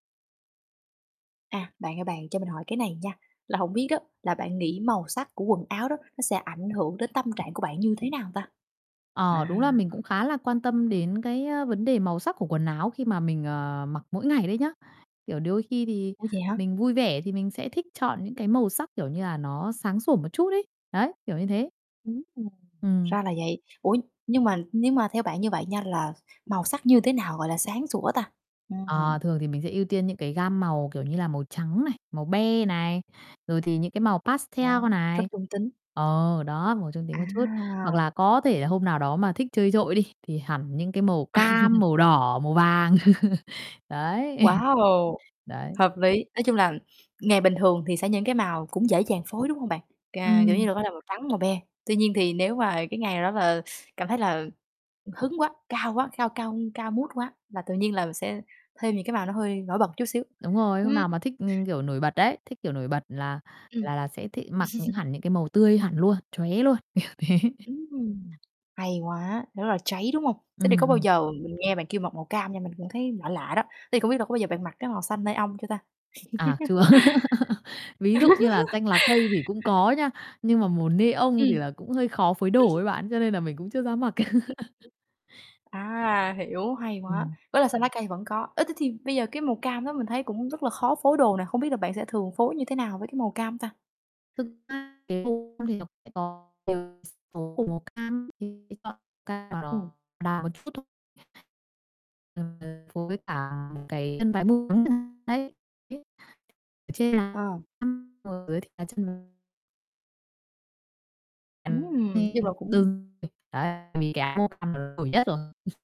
À, bạn ơi bạn, cho mình hỏi cái này nha. Là hổng biết đó, là bạn nghĩ màu sắc của quần áo đó, nó sẽ ảnh hưởng đến tâm trạng của bạn như thế nào ta? Ờ, đúng À. là mình cũng khá là quan tâm đến cái, á, vấn đề màu sắc của quần áo khi mà mình, ờ, mặc mỗi ngày đấy nhá. Kiểu đôi khi thì Ủa, vậy hả? mình vui vẻ thì mình sẽ thích chọn những cái màu sắc kiểu như là nó sáng sủa một chút ấy. Đấy, kiểu như thế. Ừm, Ừm. ra là vậy. Ủa, nhưng mà nhưng mà theo bạn như vậy nha, là màu sắc như thế nào gọi là sáng sủa ta? Ờ, Ừm. thường thì mình sẽ ưu tiên những cái gam màu kiểu như là màu trắng này, màu be này, rồi thì những cái màu pastel Ồ, rất này. trung tính. Ờ, đó. Màu trung tính một chút, hoặc À! là có thể là hôm nào đó mà thích chơi trội đi, thì hẳn những cái màu cam, màu đỏ, màu vàng. Đấy. Wow! Đấy. Hợp lý, nói chung là ngày bình thường thì sẽ những cái màu cũng sẽ dễ dàng phối đúng hông bạn? Cà kiểu như Ừm. là bắt đầu màu trắng, màu be, tuy nhiên thì nếu mà cái ngày nào đó là cảm thấy là hứng quá, cao quá, cao cao cao mood quá là tự nhiên là sẽ thêm những cái màu nó hơi nổi bật một chút xíu. Đúng rồi, hôm Ừm. nào mà thích ng kiểu, nổi bật đấy, thích kiểu nổi bật là Ừm. là là sẽ thi mặc những hẳn những cái màu tươi hẳn luôn, chóe luôn, kiểu thế. Ừm, hay quá! Rất là cháy đúng hông? Thế thì Ừm, có bao ừm. giờ mình nghe bạn kêu mặc màu cam nha, mình cũng thấy lạ lạ đó, thế thì không biết là có bao giờ bạn mặc cái màu xanh neon chưa ta? À, chưa. Ví dụ như là xanh lá cây thì cũng có nha, nhưng mà màu neon thì Ừm.. là cũng hơi khó phối đồ ấy bạn, cho nên là mình cũng chưa dám mặc. [unintelligible] À, hiểu, hay quá! Ừm. Với là xanh lá cây vẫn có. Ơ, thế thì bây giờ cái màu cam đó mình thấy cũng rất là khó phối đồ nè, không biết là bạn sẽ thường phối như thế nào với cái màu cam ta? Thực ra cái vụ [unintelligible] tố của màu cam [unintelligible] chọn cam đào, Ừm. đỏ đào một chút thôi. [unintelligible] Phối với cả cái chân váy [unintelligible] đấy. [unintelligible] Ở trên là Ờ. [unintelligible] ở dưới thì là chân [unintelligible] Ừm, nhưng là [unintelligible] cũng Đừng [unintelligible] đấy, vì cái áo màu cam là nó nổi nhất rồi.